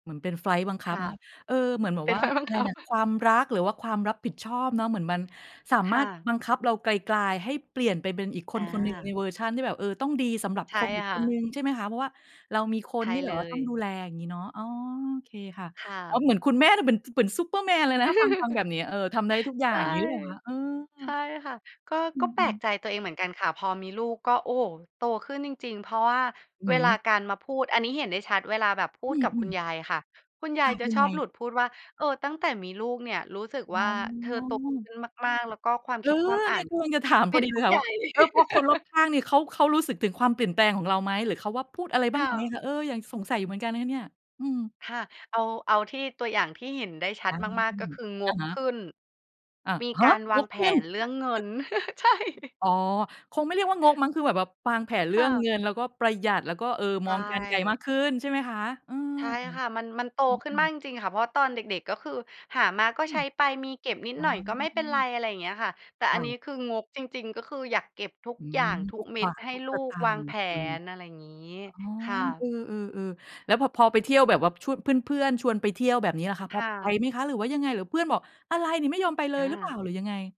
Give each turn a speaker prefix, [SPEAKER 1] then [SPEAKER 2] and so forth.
[SPEAKER 1] เหมือนเป็นไฟลต์บังค
[SPEAKER 2] ค
[SPEAKER 1] ับ
[SPEAKER 2] ่
[SPEAKER 1] เนา
[SPEAKER 2] ะ
[SPEAKER 1] ะ เออ เหมือนแบ
[SPEAKER 2] เ
[SPEAKER 1] บ
[SPEAKER 2] ป็
[SPEAKER 1] ว
[SPEAKER 2] น
[SPEAKER 1] ่า
[SPEAKER 2] ไฟลต์บั
[SPEAKER 1] อ
[SPEAKER 2] ง
[SPEAKER 1] ะไร
[SPEAKER 2] คับ
[SPEAKER 1] น่ะ ความรักหรือว่าความรับผิดชอบเนาะ เหมือนมันสา
[SPEAKER 2] ค
[SPEAKER 1] มา
[SPEAKER 2] ่
[SPEAKER 1] รถ
[SPEAKER 2] ะ
[SPEAKER 1] บังคับเรากลาย ๆ ให้เปลี่ยนไปเป็นอีกค
[SPEAKER 2] อ
[SPEAKER 1] นคนหนึ่งใน
[SPEAKER 2] า
[SPEAKER 1] เวอร์ชันที่แบบ เออ ต้องดีสำหรับ
[SPEAKER 2] ใช
[SPEAKER 1] ค
[SPEAKER 2] ่
[SPEAKER 1] นอีก
[SPEAKER 2] ค
[SPEAKER 1] ค
[SPEAKER 2] ่
[SPEAKER 1] นห
[SPEAKER 2] ะ
[SPEAKER 1] นึ่ง ใช่ไหมคะ เพราะว่าเรามีค
[SPEAKER 2] ใ
[SPEAKER 1] น
[SPEAKER 2] ช่
[SPEAKER 1] ที่แ
[SPEAKER 2] เ
[SPEAKER 1] บ
[SPEAKER 2] ล
[SPEAKER 1] บว่าต้องดู
[SPEAKER 2] ย
[SPEAKER 1] แล อย่างงี้เนาะ อ๋อ โอเคค่ะ
[SPEAKER 2] ค่
[SPEAKER 1] แล้ว
[SPEAKER 2] ะ
[SPEAKER 1] เหมือนคุณแม่น่ะเหมือน ซ เหมือนซูเปอร์แมนเลยนะ ถ้าฟัง ฟังแบบเนี้ย เออ ทำได้ทุกอย่า
[SPEAKER 2] ใช
[SPEAKER 1] ง
[SPEAKER 2] ่
[SPEAKER 1] งี้หรือเปล่าคะ? เอ
[SPEAKER 2] ใช
[SPEAKER 1] อ
[SPEAKER 2] ่ค่ะ ก็
[SPEAKER 1] อ
[SPEAKER 2] ก็แปล
[SPEAKER 1] ืม
[SPEAKER 2] ก
[SPEAKER 1] ๆ
[SPEAKER 2] ใจตัวเองเหมือนกันค่ะ พอมีลูกก็ โอ้โฮ โตขึ้นจริง ๆ เพราะว่า
[SPEAKER 1] อื
[SPEAKER 2] เ
[SPEAKER 1] อฮ
[SPEAKER 2] วลา
[SPEAKER 1] ึ
[SPEAKER 2] การมาพูด อันนี้เห็นได้ชัดเวลาแบบพู
[SPEAKER 1] อ
[SPEAKER 2] ดกับ
[SPEAKER 1] ื
[SPEAKER 2] คุณ
[SPEAKER 1] อ ๆ
[SPEAKER 2] ยายค่ะ คุณย
[SPEAKER 1] ค
[SPEAKER 2] าย
[SPEAKER 1] ่ะ
[SPEAKER 2] จะ
[SPEAKER 1] ยั
[SPEAKER 2] ช
[SPEAKER 1] ง
[SPEAKER 2] อ
[SPEAKER 1] ไง?
[SPEAKER 2] บหลุดพูดว่า "เออ ตั้งแต่มีลูกเนี่ยรู้สึก
[SPEAKER 1] อ๋อ
[SPEAKER 2] ว่า เธอโตขึ้นมาก ๆ แล้วก็ความ
[SPEAKER 1] เอ
[SPEAKER 2] ค
[SPEAKER 1] อ
[SPEAKER 2] ิดความอ
[SPEAKER 1] เ
[SPEAKER 2] ่
[SPEAKER 1] น
[SPEAKER 2] า
[SPEAKER 1] ี่
[SPEAKER 2] น
[SPEAKER 1] ยกำลังจะ ถาม
[SPEAKER 2] เ
[SPEAKER 1] พ
[SPEAKER 2] ป็
[SPEAKER 1] อ
[SPEAKER 2] น
[SPEAKER 1] ดีเ
[SPEAKER 2] ผ
[SPEAKER 1] ล
[SPEAKER 2] ู้
[SPEAKER 1] ยค่
[SPEAKER 2] ให
[SPEAKER 1] ะ
[SPEAKER 2] ญ่"
[SPEAKER 1] ว่า เออ พอคนรอบข้างเนี่ยเขา เขารู้สึกถึงความเปลี่ยนแปลงของเราไหม? หรือเขาว่า พูดอะไรบ้
[SPEAKER 2] ค
[SPEAKER 1] าง
[SPEAKER 2] ่
[SPEAKER 1] ไหม
[SPEAKER 2] ะ
[SPEAKER 1] คะ? เออ อย่าง สงสัยอยู่เหมือนกันเลยค่ะเนี่ย อืม
[SPEAKER 2] ค่ะ เอา เอาที่ ตัวอย่างที่เห็นได้ชั
[SPEAKER 1] อ
[SPEAKER 2] ด
[SPEAKER 1] ื
[SPEAKER 2] มาก ๆ ก็
[SPEAKER 1] ม
[SPEAKER 2] คือง
[SPEAKER 1] อะ
[SPEAKER 2] ก
[SPEAKER 1] ฮะ
[SPEAKER 2] ขึ้น
[SPEAKER 1] อะ
[SPEAKER 2] มี
[SPEAKER 1] ฮ
[SPEAKER 2] ก
[SPEAKER 1] ะ?
[SPEAKER 2] ารว
[SPEAKER 1] ง
[SPEAKER 2] าง
[SPEAKER 1] ก
[SPEAKER 2] แผ
[SPEAKER 1] ขึ้น
[SPEAKER 2] นเรื่องเงิน ใช่
[SPEAKER 1] อ๋อ คงไม่เรียกว่า งกมั้ง คือแบบ แบบวางแผนเร
[SPEAKER 2] ค
[SPEAKER 1] ื่
[SPEAKER 2] ่
[SPEAKER 1] อง
[SPEAKER 2] ะ
[SPEAKER 1] เงินแล้วก็ประหยัด แล้วก็ เอ่อ
[SPEAKER 2] ใช
[SPEAKER 1] มองการณ์ไกลมา
[SPEAKER 2] ่
[SPEAKER 1] กขึ้น ใช่ไหมคะ? เออ
[SPEAKER 2] ใช่ค่ะ มัน มันโต
[SPEAKER 1] อ
[SPEAKER 2] ขึ้
[SPEAKER 1] ื
[SPEAKER 2] นมาก
[SPEAKER 1] ม
[SPEAKER 2] จริง ๆ ค่ะ เพราะตอนเด็ก ๆ ก็คือหามาก็
[SPEAKER 1] อื
[SPEAKER 2] ใช
[SPEAKER 1] ม
[SPEAKER 2] ้ไป มีเก็บนิด
[SPEAKER 1] อ๋อ
[SPEAKER 2] หน่อยก็ไม่เป็นไร อะไรอย่างเงี้ยค่ะ แต่
[SPEAKER 1] ค
[SPEAKER 2] อั
[SPEAKER 1] ่
[SPEAKER 2] นนี
[SPEAKER 1] ะ
[SPEAKER 2] ้คืองกจริง ๆ ก็คืออยากเก็บทุก
[SPEAKER 1] อื
[SPEAKER 2] อย
[SPEAKER 1] ม
[SPEAKER 2] ่างทุ
[SPEAKER 1] ทุ
[SPEAKER 2] ก
[SPEAKER 1] ก
[SPEAKER 2] เม็
[SPEAKER 1] บา
[SPEAKER 2] ด
[SPEAKER 1] ท
[SPEAKER 2] ให้
[SPEAKER 1] ทุก
[SPEAKER 2] ลู
[SPEAKER 1] สต
[SPEAKER 2] ก
[SPEAKER 1] า
[SPEAKER 2] วา
[SPEAKER 1] ง
[SPEAKER 2] ง
[SPEAKER 1] ค์
[SPEAKER 2] แผ
[SPEAKER 1] เออ
[SPEAKER 2] น อะไรงี้
[SPEAKER 1] อ๋อ
[SPEAKER 2] ค่
[SPEAKER 1] เอ
[SPEAKER 2] ะ
[SPEAKER 1] อ ๆ ๆ แล้ว พะ พอไปเที่ยวแบบว่า ช เพื่อน ๆ ชวนไปเที่ยวแบบเนี้ยล่ะคะ
[SPEAKER 2] ค
[SPEAKER 1] พอ
[SPEAKER 2] ่
[SPEAKER 1] ไป
[SPEAKER 2] ะ
[SPEAKER 1] ไหมคะ? หรือว่ายังไง? หรือเพื่อนบอก "อะไรนี่ไม่ยอมไปเล
[SPEAKER 2] อ
[SPEAKER 1] ย" หรือเปล่า?
[SPEAKER 2] า
[SPEAKER 1] หรือยังไง?